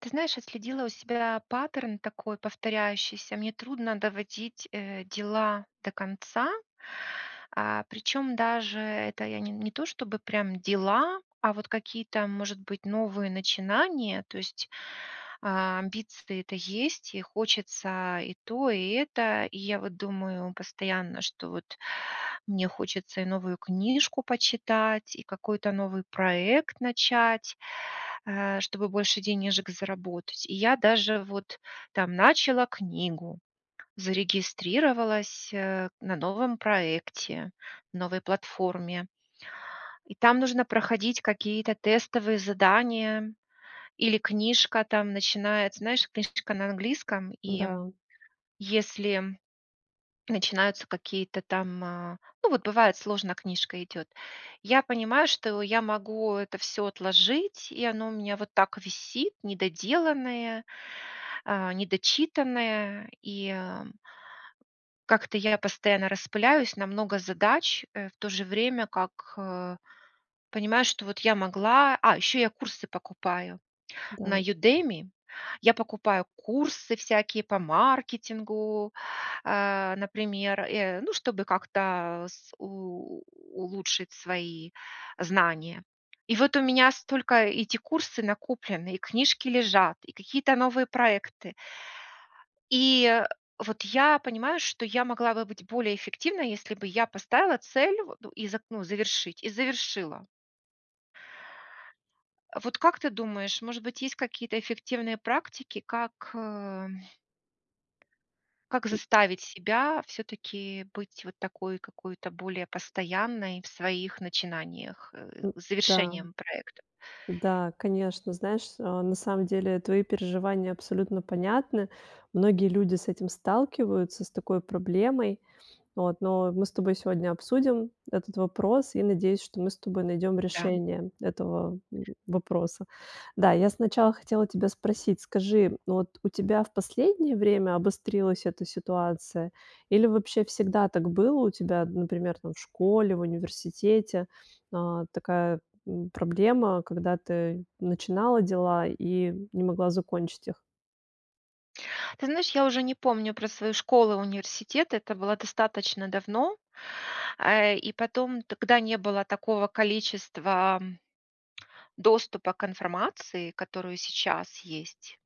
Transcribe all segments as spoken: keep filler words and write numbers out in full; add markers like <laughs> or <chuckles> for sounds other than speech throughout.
Ты знаешь, отследила у себя паттерн такой повторяющийся: мне трудно доводить, э, дела до конца, а, причём даже это я не то, чтобы прям дела, а вот какие-то, может быть, новые начинания, то есть а амбиции-то это есть, и хочется и то, и это. И я вот думаю постоянно, что вот мне хочется и новую книжку почитать, и какой-то новый проект начать, э, чтобы больше денежек заработать. И я даже вот там начала книгу, зарегистрировалась, э, на новом проекте, новой платформе, и там нужно проходить какие-то тестовые задания. Или книжка там начинается, знаешь, книжка на английском, и М-да. если начинаются какие-то там, а, ну, вот бывает, сложно книжка идёт. Я понимаю, что я могу это всё отложить, и оно у меня вот так висит недоделанное, а, недочитанное. И как-то я постоянно распыляюсь на много задач, э, в то же время как, э, понимаю, что вот я могла А, ещё я курсы покупаю на Да. Udemy. Я покупаю курсы всякие по маркетингу, а, например, э, ну, чтобы как-то с у улучшить свои знания. И вот у меня столько эти курсы накоплены, и книжки лежат, и какие-то новые проекты и вот я понимаю, что я могла бы быть более эффективной, если бы я поставила цель вот и за ну, завершить и завершила. Вот как ты думаешь, может быть, есть какие-то эффективные практики, как, э, как У заставить себя всё-таки быть вот такой какой-то более постоянной в своих начинаниях, э, У с да. завершением проекта? Да, конечно. Знаешь, а, на самом деле твои переживания абсолютно понятны. Многие люди с этим сталкиваются, с такой проблемой. Вот, но мы с тобой сегодня обсудим этот вопрос и, надеюсь, что мы с тобой найдём Да. решение этого, м, вопроса. Да, я сначала хотела тебя спросить, скажи, вот у тебя в последнее время обострилась эта ситуация или вообще всегда так было у тебя, например, там в школе, в университете, а, такая, м, проблема, когда ты начинала дела и не могла закончить их? Ты знаешь, я уже не помню про свою школы, университеты, это было достаточно давно, э, и потом тогда не было такого количества доступа к информации, которую сейчас есть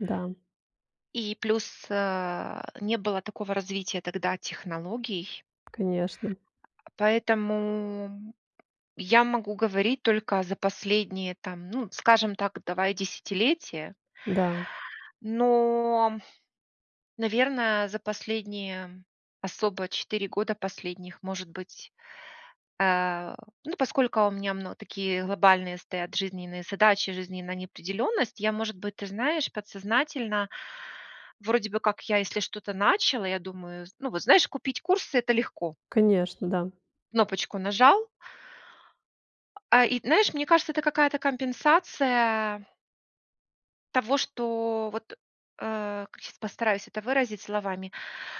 Да. и плюс, э, не было такого развития тогда технологий. Конечно. Поэтому я могу говорить только за последние, там, ну, скажем так, давай десятилетия. Да. Но наверное, за последние особо четыре года последних, может быть, э, ну, поскольку у меня мно такие глобальные стоят жизненные задачи, жизненная неопределённость, я, может быть, ты знаешь, подсознательно вроде бы как я, если что-то начала, я думаю, зн ну, вот знаешь, купить курсы это легко Конечно, да. кнопочку нажал. А и знаешь, мне кажется, это какая-то компенсация того, что вот, э, сейчас постараюсь это выразить словами.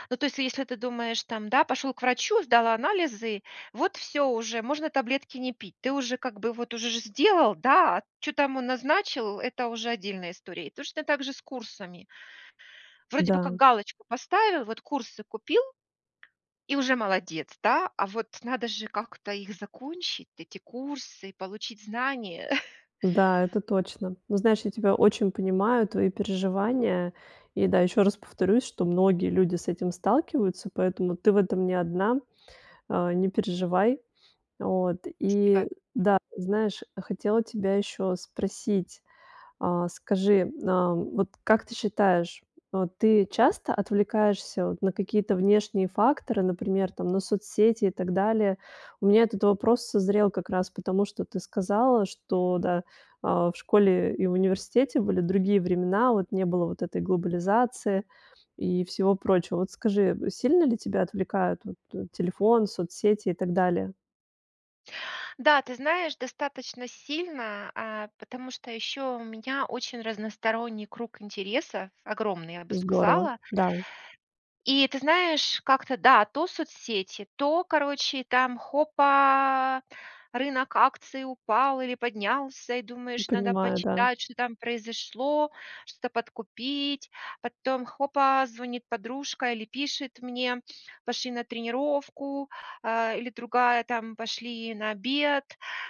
Ну, то есть, если ты думаешь, там пошел к врачу, сдал анализы, вот всё уже, можно таблетки не пить, ты уже, как бы, вот уже же сделал, да? А чё там он назначил- это уже отдельная история. И точно так же с курсами вроде бы Да. как галочку поставил, вот курсы купил и уже молодец, да, а вот надо же как-то их закончить, эти курсы, получить знания. <chuckles> Да, это точно. Но знаешь, я тебя очень понимаю, твои переживания. И да, ещё раз повторюсь, что многие люди с этим сталкиваются, поэтому ты в этом не одна, э, не переживай. Вот. И Спасибо. да, знаешь, хотела тебя ещё спросить. Э, скажи, э, вот как ты считаешь, вот ты часто отвлекаешься вот на какие-то внешние факторы, например там, на соцсети и так далее? У меня этот вопрос созрел как раз потому, что ты сказала, что, да, э, в школе и в университете были другие времена, вот не было вот этой глобализации, и всего прочего. Вот скажи, э, сильно ли тебя отвлекают вот т телефон, соцсети, и так далее? Да, ты знаешь, достаточно сильно, э, потому что ещё у меня очень разносторонний круг интереса, огромный, я бы Здорово. сказала. Да. И ты знаешь, как-то да, то соцсети, то, короче, там хопа, рынок акций упал, или поднялся, и Ну, думаешь, надо понимаю, да. почитать, что там произошло, что-то подкупить. Потом хопа, звонит подружка, или пишет мне, пошли на тренировку, э, или другая там, пошли на обед,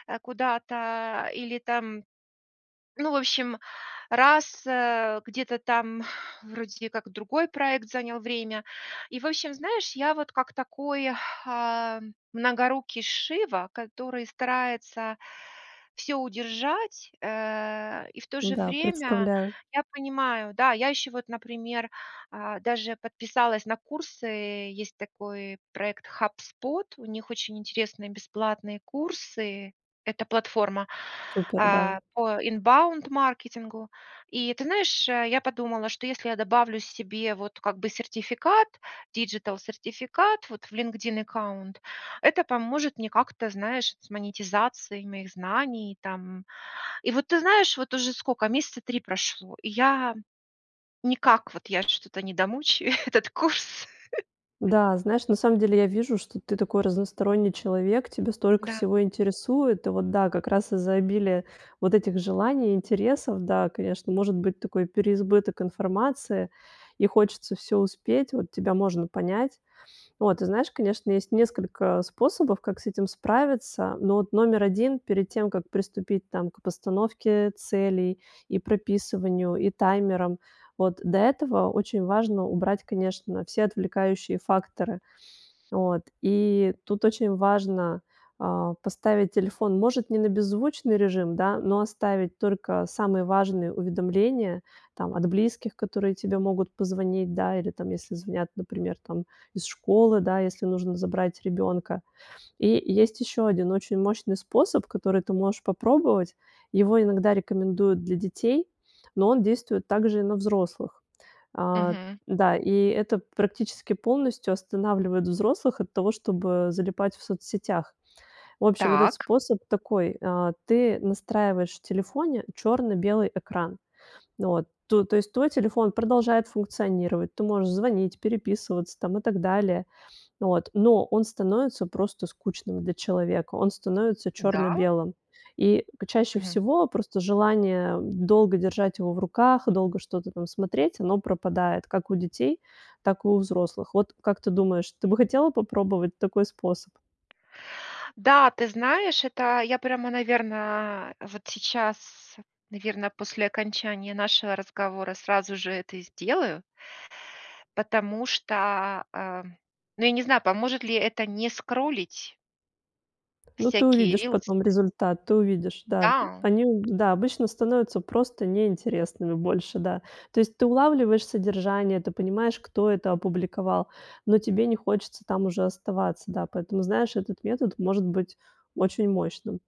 э, куда-то, или там ну, в общем, раз, э, где-то там вроде как другой проект занял время. И, в общем, знаешь, я вот как такой, э, многорукий Шива, который старается всё удержать, э, и в то же Да, время представляю. я понимаю, да, я еще вот, например, э, даже подписалась на курсы, э, есть такой проект HubSpot, у них очень интересные бесплатные курсы. Это платформа, Супер, да. э, по inbound маркетингу и ты знаешь, э, я подумала, что если я добавлю себе вот как бы сертификат, digital сертификат вот в Linkedin аккаунт, это поможет мне как-то, знаешь, с монетизацией моих знаний там. И вот ты знаешь, вот уже сколько месяца три прошло, и я никак вот я что-то не домучаю этот курс. <chuckles> Да, знаешь, на самом деле я вижу, что ты такой разносторонний человек, тебя столько Да. всего интересует. И вот да, как раз из-за обилия вот этих желаний, интересов, да, конечно, может быть такой переизбыток информации, и хочется всё успеть. Вот тебя можно понять. Вот, ты знаешь, конечно, есть несколько, э, способов, как с этим справиться, но вот номер один, перед тем, как приступить, там, к постановке целей, и прописыванию, и таймерам, вот, до этого очень важно убрать, конечно, все отвлекающие факторы. Вот, и тут очень важно, э, поставить телефон, может, не на беззвучный режим, да, но оставить только самые важные уведомления, там, от близких, которые тебе могут позвонить, да, или там, если звонят, например, там, из школы, да, если нужно забрать ребёнка. И есть ещё один очень мощный способ, который ты можешь попробовать. Его иногда рекомендуют для детей, но он действует также и на взрослых. А. Мгм. Да, и это практически полностью останавливает взрослых от того, чтобы э залипать в соцсетях. В общем, этот Так. способ такой ты настраиваешь в телефоне чёрно-белый экран. Вот, то то есть твой телефон продолжает функционировать, ты можешь звонить, переписываться там и так далее, вот, но он становится просто скучным для человека, он становится Да? чёрно-белым, и чаще Мгм. всего просто желание долго держать его в руках, долго что-то там смотреть, оно пропадает как у детей, так и у взрослых. Вот как ты думаешь, ты бы хотела попробовать такой способ? Да, ты знаешь, это я прямо, наверное, вот сейчас, наверное, после окончания нашего разговора сразу же это и сделаю Потому что, э ну, я не знаю, поможет ли это не скроллить? Ну, ты Всякие увидишь рилсы? потом результат, ты увидишь, да. Да. Они, да, обычно становятся просто неинтересными больше, да. То есть ты улавливаешь содержание, ты понимаешь, кто это опубликовал, но тебе не хочется там уже оставаться. Да, поэтому, знаешь, этот метод может быть очень мощным.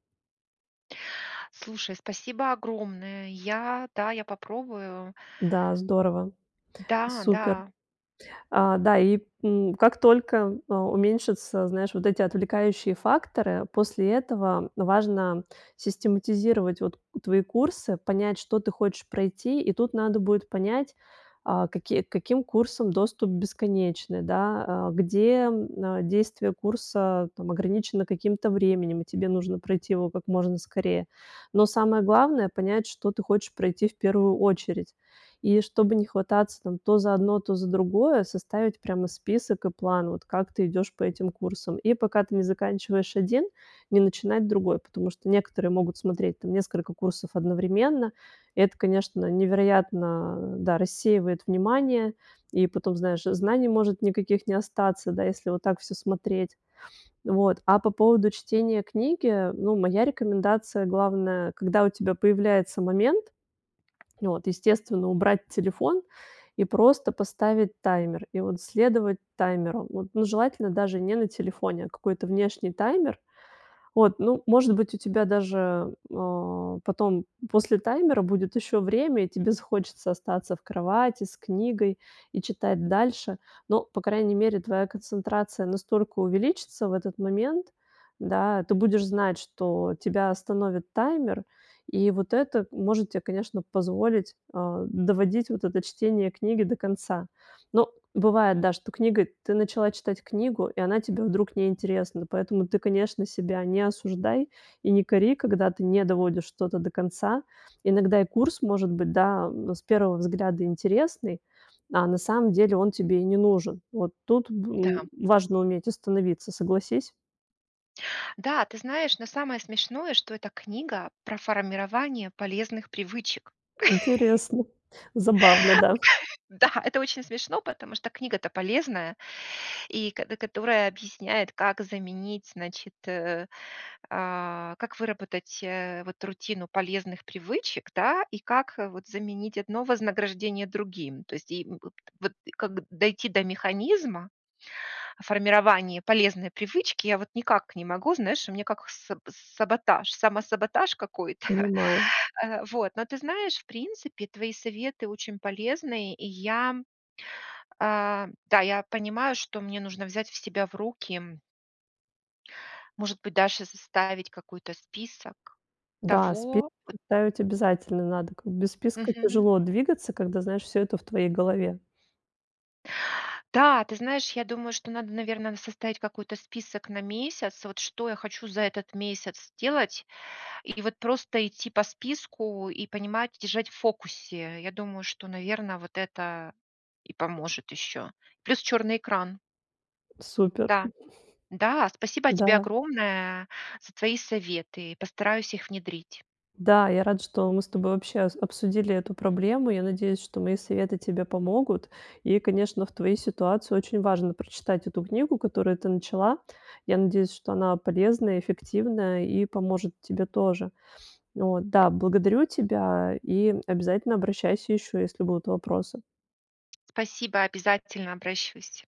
Слушай, спасибо огромное. Я, да, я попробую. Да, здорово, Да, супер. да. А, да, и, м, как только, а, уменьшатся, знаешь, вот эти отвлекающие факторы, после этого важно систематизировать вот твои курсы, понять, что ты хочешь пройти. И тут надо будет понять, а, какие, к каким курсам доступ бесконечный, да, а, где, н действие курса, там, ограничено каким-то временем, и тебе нужно пройти его как можно скорее. Но, самое главное, понять, что ты хочешь пройти в первую очередь. И чтобы не хвататься там то за одно, то за другое, составить прямо список и план: вот как ты идёшь по этим курсам. И пока ты не заканчиваешь один- не начинать другой, потому что некоторые могут смотреть там несколько курсов одновременно. Это, конечно, невероятно, да, рассеивает внимание, и потом, знаешь, знаний может никаких не остаться, да, если вот так всё смотреть. Вот, а по поводу чтения книги, ну, моя рекомендация главная, когда у тебя появляется момент, вот, естественно, убрать телефон и просто поставить таймер, и вот следовать таймеру. Вот, ну, желательно даже не на телефоне, а какой-то внешний таймер. Вот, ну, может быть, у тебя даже, а, потом после таймера будет ещё время, и тебе захочется остаться в кровати с книгой и читать дальше, но, по крайней мере, твоя концентрация настолько увеличится в этот момент, да, ты будешь знать, что тебя остановит таймер, и вот это может тебе, конечно, позволить, э, доводить вот это чтение книги до конца. Но бывает, да, что книга, ты начала читать книгу, и она тебе вдруг не интересна, поэтому ты, конечно, себя не осуждай и не кори, когда ты не доводишь что-то до конца. Иногда и курс, может быть, да, м, с первого взгляда интересный, а на самом деле он тебе и не нужен. Вот тут б, м, Да. важно уметь остановиться, согласись? Да, ты знаешь, но самое смешное, что эта книга про формирование полезных привычек. Интересно, забавно, <laughs> да. Да, это очень смешно, потому что книга-то полезная, и кото которая объясняет, как заменить, значит, э, а, как выработать, э, вот рутину полезных привычек, да, и как, э, вот заменить одно вознаграждение другим. То есть и, м, вот, и как дойти до механизма формирования полезной привычки я вот никак не могу, знаешь, у меня как саб саботаж, самосаботаж какой-то. <chuckles> Понимаю. Э, вот, но ты знаешь, в принципе, твои советы очень полезные. И я, э, да, я понимаю, что мне нужно взять в себя в руки может быть, даже составить какой-то список Да, спи того вот составить обязательно надо. Как без списка Мгм. тяжело двигаться, когда, знаешь, всё это в твоей голове. Да, ты знаешь, я думаю, что надо, наверно, составить какой-то список на месяц, вот что я хочу за этот месяц сделать и вот просто идти по списку и понимать, держать в фокусе. Я думаю, что, наверно, вот это и поможет ещё. Плюс чёрный экран. Супер. Да, да, спасибо тебе Да. огромное за твои советы, постараюсь их внедрить. Да, я рада, что мы с тобой вообще ос обсудили эту проблему. Я надеюсь, что мои советы тебе помогут. И, конечно, в твоей ситуации очень важно прочитать эту книгу, которую ты начала. Я надеюсь, что она полезная, эффективная и поможет тебе тоже. Вот. Да, благодарю тебя и обязательно обращайся ещё, если будут вопросы. Спасибо, обязательно обращаюсь.